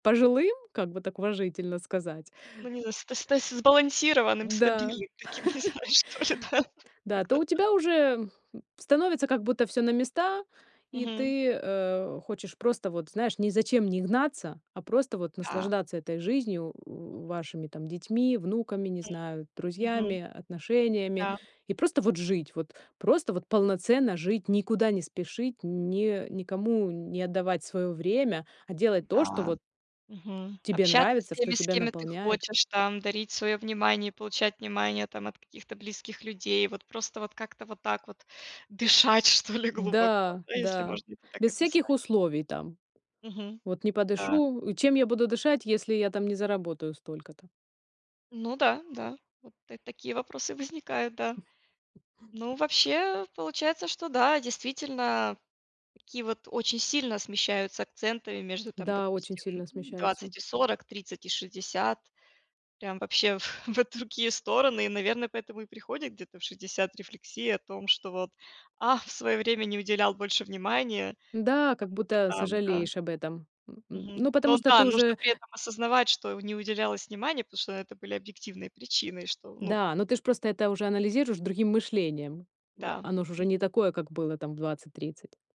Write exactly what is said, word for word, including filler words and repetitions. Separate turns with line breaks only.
Пожилым, как бы так уважительно сказать.
Ну не знаю ст ст сбалансированным,
Да.
стабильным таким, не знаю, что ли да?
Да, а то
Как-то
у
так.
тебя уже, м, становится как будто всё на места, и
Мгм.
ты, э, хочешь просто вот, знаешь, ни зачем не гнаться, а просто вот
А.
наслаждаться этой жизнью, в вашими там детьми, внуками, не знаю,
Мгм. Мгм.
друзьями, отношениями,
Да.
и просто вот жить, вот просто вот полноценно жить, никуда не спешить, не никому не отдавать своё время, а делать то, что
М-да.
вот
Мгм.
тебе
Общаться с
нравится, что
теми, с
тебя
кеми ты
наполняет.
хочешь там, дарить свое внимание, получать внимание там от каких-то близких людей, вот просто вот как-то вот так вот дышать что ли глубоко,
Да,
да, если
да.
можно это так
Без всяких
описать.
условий там.
Мгм.
Вот не
Да.
подышу Чем я буду дышать, если я там не заработаю столько-то?
Ну да, да, вот та такие вопросы возникают, да. Ну, вообще, получается, что да, действительно, такие вот очень сильно смещаются акценты между там,
Да, очень
допустим,
сильно
ну
смещаются.
двадцать и сорок, тридцать и шестьдесят, прям, вообще, в в другие стороны и наверное, поэтому и приходит где-то в шестьдесят рефлексия о том, что вот: "Ах, в свое время не уделял больше внимания
Да, как
кому-то
будто
там", да.
сожалеешь об этом. Н н
Мгм.
ну, потому
Но
что ты
да, нужно
уже
при этом осознавать, что не уделялось внимания, потому что это были объективные причины. Что ну
Да, но ты ж просто это уже анализируешь другим мышлением.
Да.
Оно ж уже
Мгм.
не такое, как было там в двадцать тридцать.